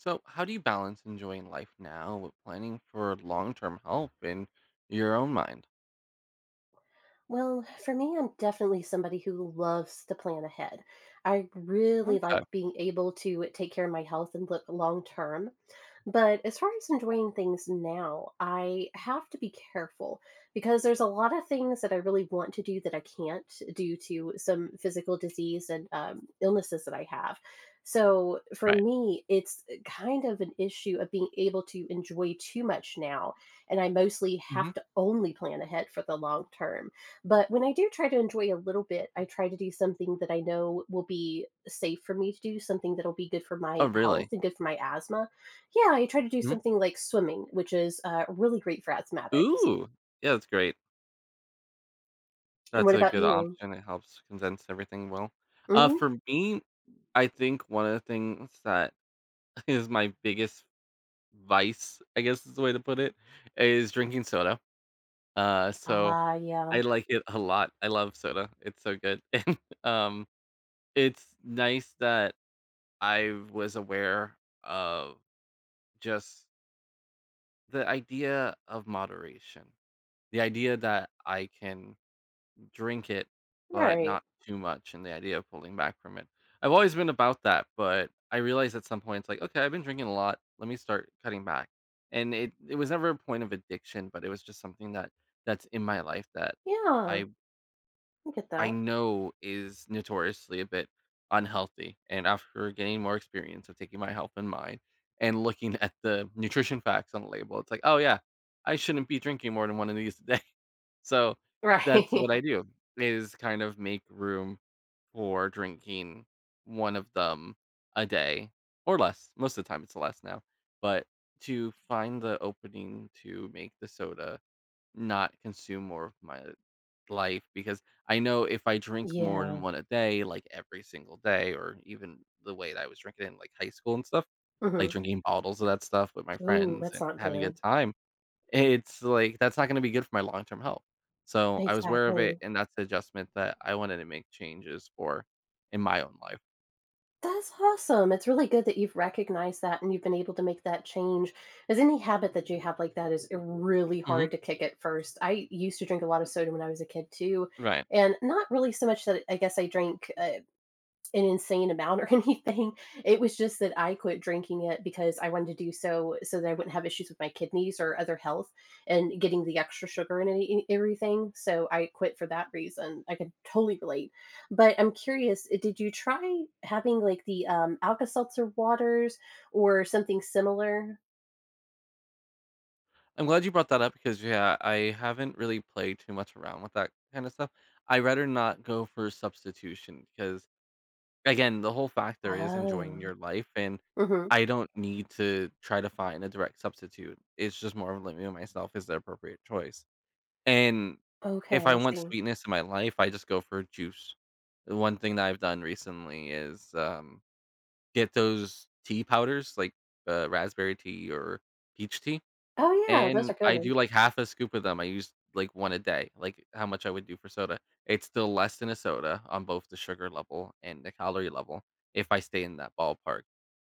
So, how do you balance enjoying life now with planning for long-term help in your own mind? Well, for me, I'm definitely somebody who loves to plan ahead. I really like Okay. being able to take care of my health and look long term, but as far as enjoying things now, I have to be careful because there's a lotta things that I really want to do that I can't due to some physical disease and, um, illnesses that I have. So, for Right. me, it's kind of an issue of being able to enjoy too much now, and I mostly have Mhm. to only plan ahead for the long term. But when I do try to enjoy a little bit, I try to do something that I know will be safe for me to do, something that'll be good for my Oh, health really? and good for my asthma. Yeah, I try to do Mhm. something like swimming, which is, uh, really great for asthmatics. Ooh. Yeah, that's great. And That's what a about good you? option, it helps condense everything well. Uh, Mhm. for me, I think one of the things that is my biggest vice, I guess is the way to put it, is drinking soda. Uh, so Ah, yeah. I like it a lot. I love soda. It's so good. And, um, it's nice that I was aware of just the idea of moderation. The idea that I can drink it, but Right. not too much and the idea of pulling back from it. I've always been about that, but I realized at some point, it's like, "Okay, I've been drinking a lot. Let me start cutting back." And it it was never a point of addiction, but it was just something that that's in my life that Yeah. I I get I that. know is notoriously a bit unhealthy. And after getting more experience of taking my health and mind and looking at the nutrition facts on the label, it's like, "Oh, yeah, I shouldn't be drinking more than one of these a day." So that's Right. what I do, is kind of make room for drinking 1 of them a day or less. Most of the time, it's less now. But to find the opening to make the soda, not consume more of my life because I know if I drink more than Yeah. 1 a day, like, every single day or even the way that I was drinking in, like, high school and stuff, like Mhm. drinking bottles of that stuff with my Ooh, friends that's and not having a good good. time, i It's like, that's not gonna be good for my long-term health. So, I was aware of it, Exactly. and that's the adjustment that I wanted to make changes for in my own life. That's awesome. It's really good that you've recognized that and you've been able to make that change, as any habit that you have like that is, uh, really Mhm. hard to kick at first. I used to drink a lot of soda when I was a kid too, Right. and not really so much that I guess I drank, uh, an insane amount or anything, it was just that I quit drinking it because I wanted to do so, so that I wouldn't have issues with my kidneys or other health and getting the extra sugar in any in everything, so I quit for that reason, I can totally relate. But I'm curious, uh, did you try having, like, the, um, Alka Seltzer waters or something similar? I'm glad you brought that up ‘cause, yeah, I haven't really played too much around with that kind of stuff. I'd rather not go for substitution, because, again, the whole factor is enjoying Oh. your life, and Mhm. I don't need to try to find a direct substitute. It's just more of living on myself is the appropriate choice, and Okay, if I I want see. sweetness in my life, I just go for a juice. The one thing that I've done recently is, um, get those tea powders, like, uh, raspberry tea or peach tea, Oh, yeah. Those and are I do, good. like, half a scoop of them, I use, like, 1 a day, like, how much I would do for soda. It's still less than a soda on both the sugar level and the calorie level if I stay in that ballpark,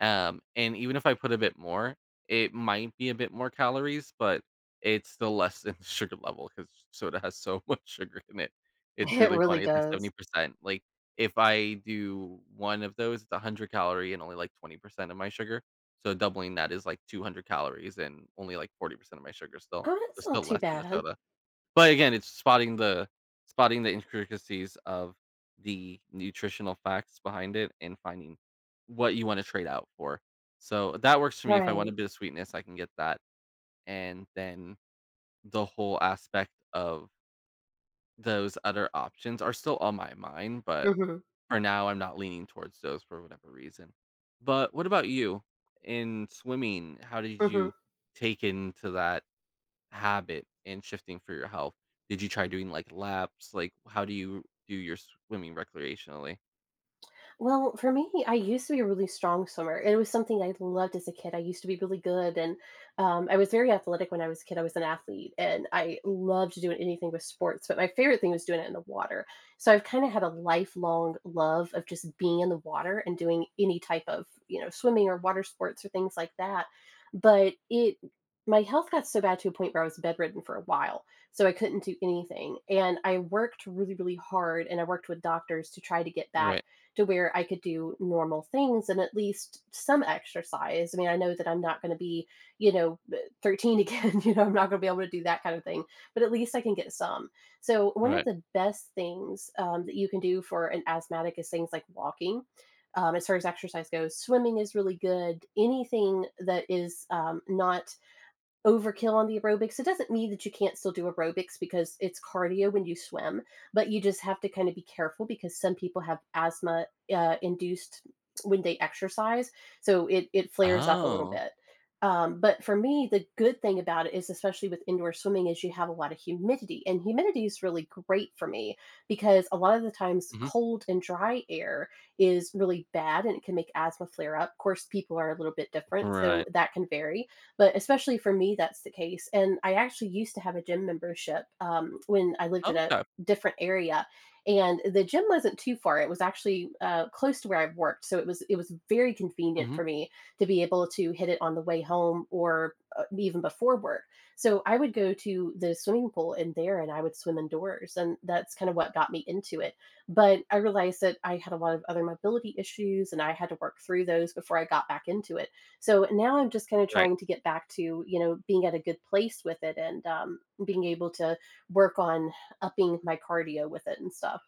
um, and even if I put a bit more, it might be a bit more calories, but it's still less than sugar level, 'cause soda has so much sugar in it. It's It really really funny, it's, like, seventy does. percent. Like, if I do one of those, it's 100 calorie and only, like, 20% of my sugar, so doubling that is, like, 200 calories and only, like, 40% of my sugar still Oh, that's there's not still too less than the bad. soda. But again, it's spotting the spotting the intricacies of the nutritional facts behind it and finding what you wanna trade out for. So that works for me, if I Right. want a bit of sweetness, I can get that, and then the whole aspect of those other options are still on my mind, but Mhm. for now, I'm not leaning towards those for whatever reason. But what about you? In swimming, how did Mhm. you take into that habit and shifting for your health? Did you try doing, like, laps? Like, how do you do your swimming recreationally? Well, for me, I used to be a really strong swimmer, it was something I loved as a kid. I used to be really good, and, um, I was very athletic when I was a kid, I was an athlete, and I loved to do it anything with sports, but my favorite thing was doing it in the water. So I've kinda have a lifelong love of just being in the water and doing any type of, you know, swimming or water sports or things like that, but it my health got so bad to a point where I was bedridden for a while, so I couldn't do anything, and I worked really, really hard, and I worked with doctors to try to get back Right. to where I could do normal things and at least some exercise. I mean, I know that I'm not gonna be, you know, eh, 13 again, you know, I'm not gonna be able to do that kind of thing, but at least I can get some. So one of Right. the best things, um, that you can do for an asthmatic is things like walking, um- as far as exercise goes- swimming is really good, anything that is, um, not overkill on the aerobics, it doesn't mean that you can't still do aerobics because it's cardio when you swim, but you just have to kinda be careful because some people have asthma, uh, induced when they exercise, so it it flares up a little Oh. bit. Um, but for me, the good thing about it is, especially with indoor swimming, is you have a lot of humidity, and humidity is really great for me, because a lot of the times Mhm. cold and dry air is really bad, and it can make asthma flare up, ‘course, people are a little bit different, so Right. that can vary, but especially for me, that's the case, and I actually used to have a gym membership, um, when I lived in a Okay. different area, and the gym wasn't too far, it was actually, uh, close to where I worked, so it was it was very convenient Mhm. for me to be able to hit it on the way home or, uh, even before work. So I would go to the swimming pool in there, and I would swim indoors, and that's kind of what got me into it, but I realized that I had a lot of other mobility issues, and I had to work through those before I got back into it. So now I'm just kinda Right. trying to get back to, you know, being at a good place with it and, um, being able to work on upping my cardio with it and stuff.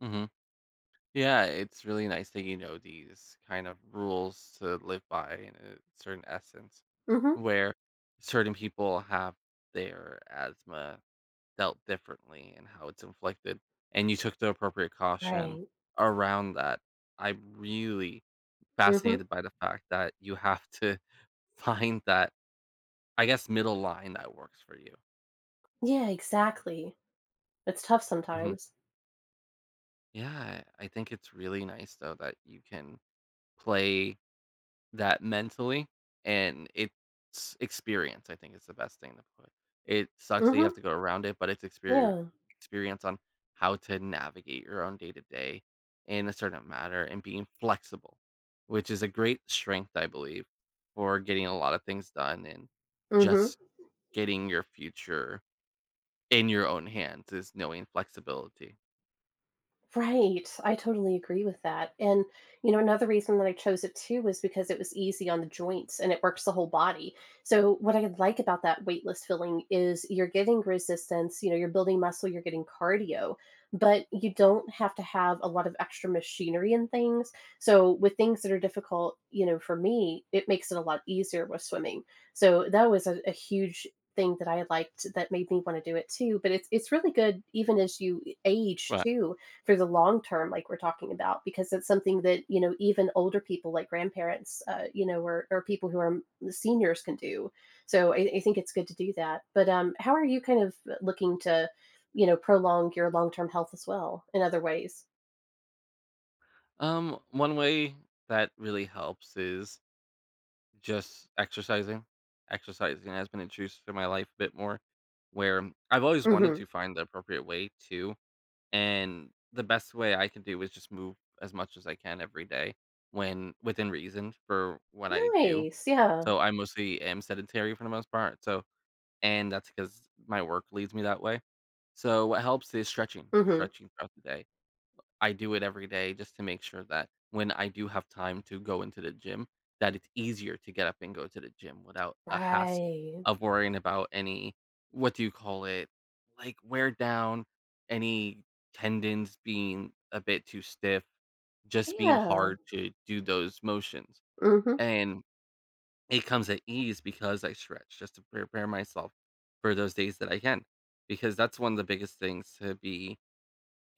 Mhm. Yeah, it's really nice that you know these kind of rules to live by, in a certain essence, Mhm. where certain people have their asthma dealt differently and how it's inflicted, and you took the appropriate caution Right. around that. I'm really Mhm. fascinated by the fact that you have to find that, I guess, middle line that works for you. Yeah, exactly. It's tough Mhm. sometimes. Yeah. I think it's really nice though that you can play that mentally and it's Experience, I think, is the best thing to put It sucks that you have Mhm. to go around it, but it's exper Yeah. experience on how to navigate your own day to day, in a certain matter, and being flexible; which is a great strength, I believe, for getting a lotta things done and Mhm. just getting your future in your own hands is knowing flexibility. Right, I totally agree with that and, you know another reason that I chose it too was because it was easy on the joints and it works the whole body. So, what I like about that weightless filling is you're getting resistance, you know, you're building muscle, you're getting cardio, but you don't have to have a lot of extra machinery and things. So, with things that are difficult, you know, for me, it makes it a lot easier with swimming. So that was a a huge thing that I liked that made me want to do it too, but it it's really good even as you age Ri too for the long term like we're talking about, because it's something that, you know, even older people like grandparents, uh, you know, o or people who are seniors can do. So, I I think it's good to do that, but, um, how are you, kind of, looking to, you know, prolong your long-term health as well, in other ways? Um, one way that really helps is just exercising. Exercising has been introduced to my life a bit more where I've always wanted Mhm. to find the appropriate way to, and the best way I can do is just move as much as I can every day when within reason for what I do. Nice, yeah. So, I mostly am sedentary for the most part so and that's because my work leaves me that way. So what helps is stretching; Mhm. stretching throughout the day. I do it every day just to make sure that when I do have time to go into the gym, that it's easier to get up and go to the gym without a hassle Right. of worrying about any- what do you call it- like wear down, any tendons being a bit too stiff, just being Yeah. hard to do those motions, Mhm. and it comes at ease because I stretch just to prepare myself for those days that I can. Because that's one of the biggest things to be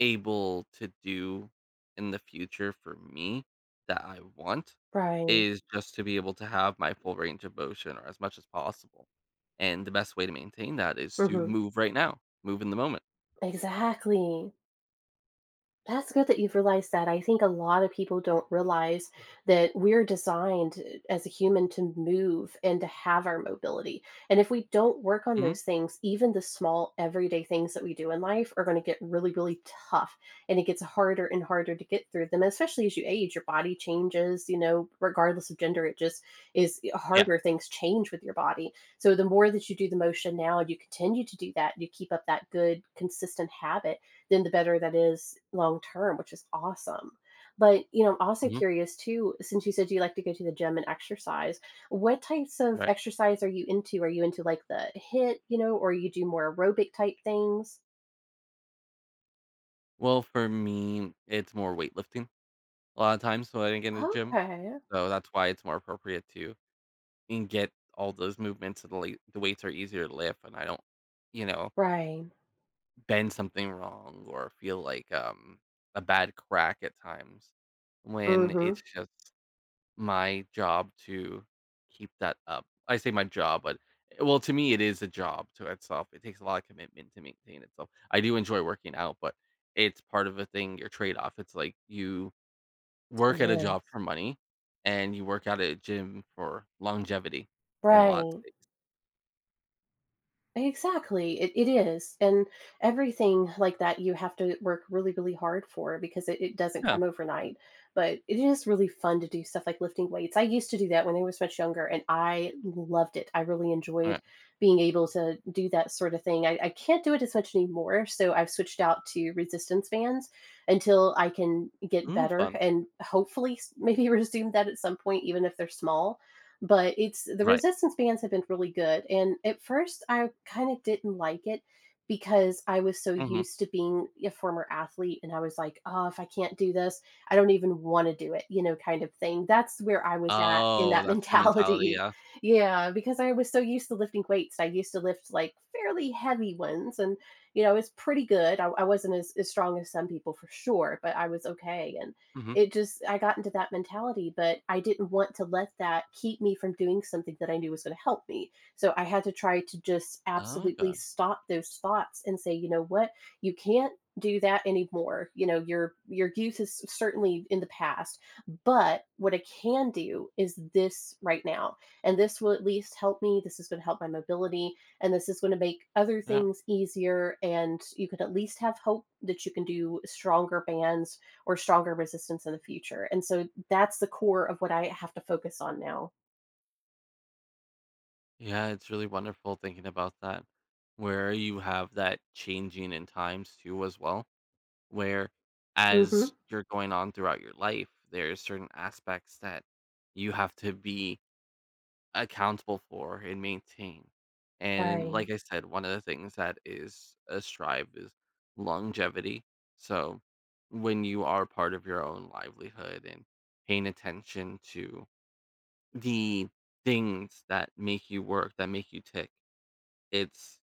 able to do in the future for me that I want Right. is just to be able to have my full range of motion or as much as possible, and the best way to maintain that is to Mhm. move right now, move in the moment. Exactly. That's good that you've realized that, I think a lotta people don't realize that we're designed, uh, as a human to move and to have our mobility, and if we don't work on Mm. those things, even the small everyday things that we do in life are gonna get really, really tough, and it gets harder and harder to get through them, especially as you age, your body changes, you know, regardless of gender, it just is e Yeah. harder, things change with your body. So, the more that you do the motion now and you continue to do that, you keep up that good, consistent habit, then the better that is, long-term, which is awesome. But, you know, I'm also Mhm. curious too, since you said you like to go to the gym and exercise, what types of Right. exercise are you into? Are you into like the HIIT, you know, or you do more aerobic type things? Well, for me, it's more weightlifting. A lotta times when I didn't get in the gym. Okay. So, that's why it's more appropriate to and get all those movements so the late the weights are easier to lift and I don't, you know Right. bend something wrong or feel like, um, a bad crack at times when it's Mhm. just my job to keep that up. I say my job, but, eh, well, to me, it is a job to itself, it takes a lotta commitment to maintain itself. I do enjoy working out, but it's part of a thing, your trade-off. It's like, you work It at a job is. for money, and you work out at a gym for longevity in lot Right. states. Exactly, it it is. And everything like that you have to work really, really hard for because i it doesn't Yeah. come overnight. But it is really fun to do stuff like lifting weights, I used to do that when I was much younger, and I loved it, I really enjoyed Right. being able to do that sort of thing, I I can't do it as much anymore, so I've switched out to resistance bands until I can get Ooh, better fun. and hopefully s maybe resume that at some point, even if they're small. But it's The Right. resistance bands have been really good, and at first, I kinda didn't like it because I was so Mhm. used to being a former athlete, and I was like, "Oh, if I can't do this, I don't even want to do it," you know, kind of thing. That's where I was at in Oh, that that's your mentality. mentality. Yeah. Yeah, because I was so used to lifting weights. I used to lift, like, fairly heavy ones, and, you know, I was pretty good. I I wasn't as as strong as some people for sure, but I was okay and Mhm. it just I got into that mentality, but I didn't want to let that keep me from doing something that I knew was gonna help me. So, I had to try to just absolutely Okay. stop those thoughts and say, "You know what? You can't do that anymore." You know, "Your your youth is c certainly in the past, but what I can do is this right now, and this will at least help me, this is gonna help my mobility, and this is gonna make other Yep. things easier, and you could at least have hope that you can do stronger bands or stronger resistance in the future." And so that's the core of what I have to focus on now. Yeah, it's really wonderful thinking about that, where you have that changing in times too as well, where Mhm. as you're going on throughout your life, there are certain aspects that you have to be accountable for and maintain. And Fine. like I said, one of the things that is a strive is longevity. So, when you are part of your own livelihood and paying attention to the things that make you work, that make you tick, it's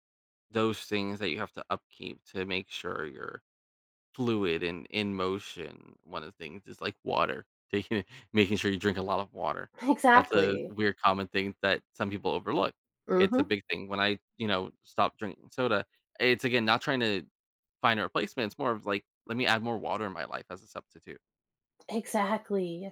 those things that you have to upkeep to make sure you're fluid and in motion. One of the things is, like water. Taking in making sure you drink a lot of water. That's a Exactly. weird common thing that some people overlook, it's a Mhm. big thing. When I, you know, stop drinking soda, it's, again, not trying to find a replacement, it's more of, like, let me add more water in my life as a substitute. Exactly.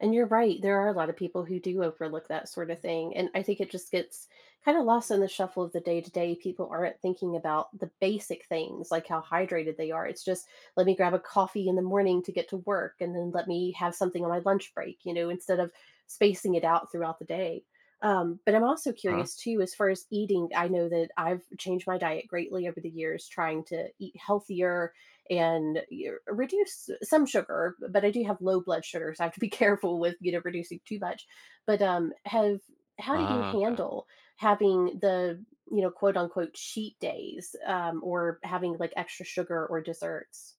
And you're right, there are a lot of people who do overlook that sorta thing, and I think it just gets kinda lost in the shuffle of the day to day, people aren't thinking about the basic things like how hydrated they are. It's just, "Let me grab a coffee in the morning to get to work, and then let me have something on my lunch break," you know, instead of spacing it out throughout the day. Um, but I'm also Huh. curious too, as far as eating, I know that I've changed my diet greatly over the years, trying to eat healthier and, er reduce s some sugar, but I do have low blood sugar, so I have to be careful with, you know, reducing too much. But, um, have how do you Oh, okay. handle having the, you know, quote unquote, "cheat days," um, or having, like, extra sugar or desserts?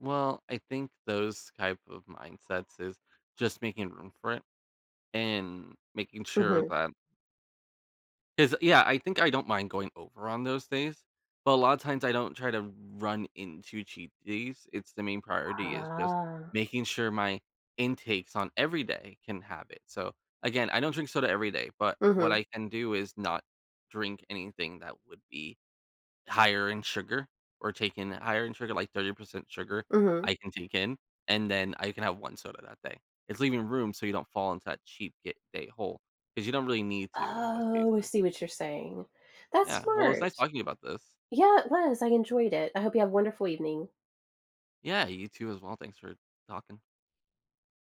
Well, I think those type of mindsets is just making room for it and making sure Mhm. that 'cause, yeah, I think I don't mind going over on those days. But a lotta times, I don't try to run into cheat days. It's the main priority is just Huh. making sure my intakes on every day can have it. So, again, I don't drink soda every day, but what Mhm. I can do is not drink anything that would be higher in sugar or take in higher in sugar, like 30% sugar, Mhm. I can take in, and then I can have 1 soda that day. It's leaving room so you don't fall into that cheat get day hole, because you don't really need to in most Oh, I cases. see what you're saying. That's Yeah, well, it's nice smart. talking about this. Yeah, it was, I enjoyed it, I hope you have a wonderful evening. Yeah, you too as well, thanks for talking.